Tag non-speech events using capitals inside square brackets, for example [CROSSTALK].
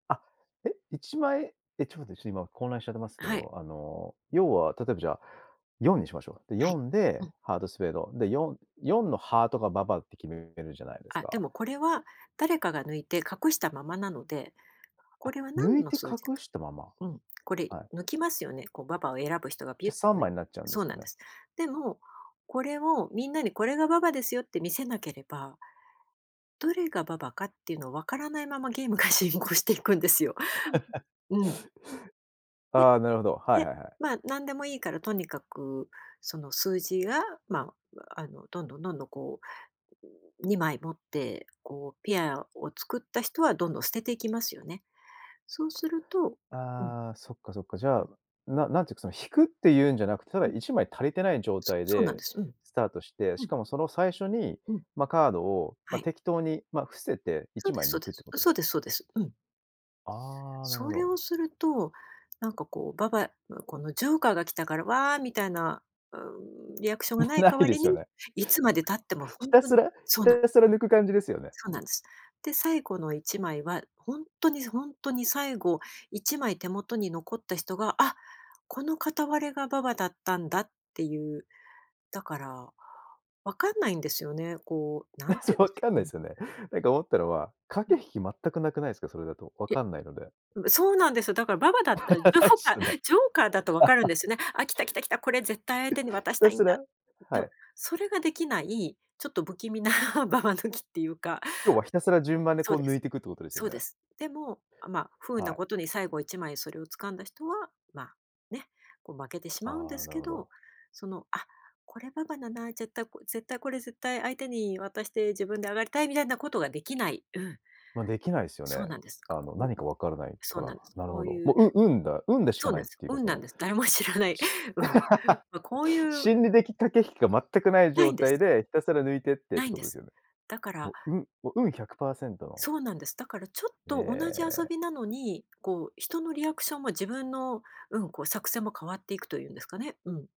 あ、え、1枚、え、ちょっと待って、ちょっと今混乱しちゃってますあ、けはい。ど、あの、要は、例えばじゃあ、4にしましょうか。で、はよい、んうでん。ハートスペード、で、44のハートがババって決めるじゃないですあ、でか。もこれは、誰かが抜いて隠したままなので、こあ、れは抜何いのて数字隠か、したまま。うん。これはい。抜きますよね、こうババを選ぶ人がピじュゃ、ッと。3枚になっちゃうんでそすうかなんでね。す。でも、これを、みんなにこれがババですよって見せなければどれがババかっていうのを分からないままゲームが進行していくんですよ。[LAUGHS] うん。ね、ああ、なるほど。はいで、はいはい。まあ、何でもいいからとにかく、その数字が、まあ、あの、どんどんどんどん、こう、2枚持って、こう、ペアを作った人は、どんどん捨てていきますよね。そうするとうん。ああ、そっかそっか。じゃうあ、ん。ななんていうかその引くっていうんじゃなくて、ただうん。1枚足りてない状そ態そうなんでです。うん。スタートして、うしん。かもその最初に、うん。ま、カードを、はま、い。適当に、ま、伏せて、いそちうでまいすそう抜くでってす。ことです？そうですそうです。うん。ああ、なるほそれをど。すると、なんかこう、ババ、うこのジョーカーが来たから、わあ、みたいな、うーん、リアクションもがなうい無代いわでりすに、よね。いつまで経っても [LAUGHS] ほひんたとにすらひそうなんです。たすら抜く感じですよね。そうなんです。で、最後の1枚は、ほんとにほんとに最後1枚手元に残った人が、あ、この片割れがババだったんだっていう。だから、分かんないんですよね。こう、なあ、んそ、て言うんでし分かんょなういうでん。すよね。なんか思ったのは、う駆ん。け引き全く無くないですか。それだと。分いや、かんないので。うそうなんですよ。だからババだ [LAUGHS] ったらジョー無いっカすーよね。ジョーカーだと分かるん [LAUGHS] ですよね。あ、来た、来た、来た。これ絶対相手に [LAUGHS] 渡ひしたたいんすだ。らではも、い。それが出来ない、ちょっと不気味な [LAUGHS] ババ抜きっていうか要はひたすら順番でそうこうで抜す。いていくっていうことですよそうでね。す。でも、あ、ま、不運はない。ことに最後1枚それを掴んだ人は、まあ、ね、こう負けてしまうんあであ、すなるけほど、ど。その、あ、これババなだ、絶対こ絶対これ、絶対相手に渡して自分で上がりたいみたいなことが出来ない。うん。ま、出来ないっすよそうね。なんです。か、あの、こ何かう、分からないそかうなら。んです。なるこほうど。いも、うう運だ運でしそかうなないんっです。ていうか運そなんのです。誰も知らない。うん。ま、こうい [LAUGHS] う心理的駆け引きが全く無い無状いんです。態で、ひたすら抜いてってっ無ていんこでとですす。よね。だかもらう運もう運100％のそうなんです。だからちょっえと同じ遊え。びなのに、こう、人のリアクションも、自分の、うん、こう作戦も変わっていくというんですかね。うん。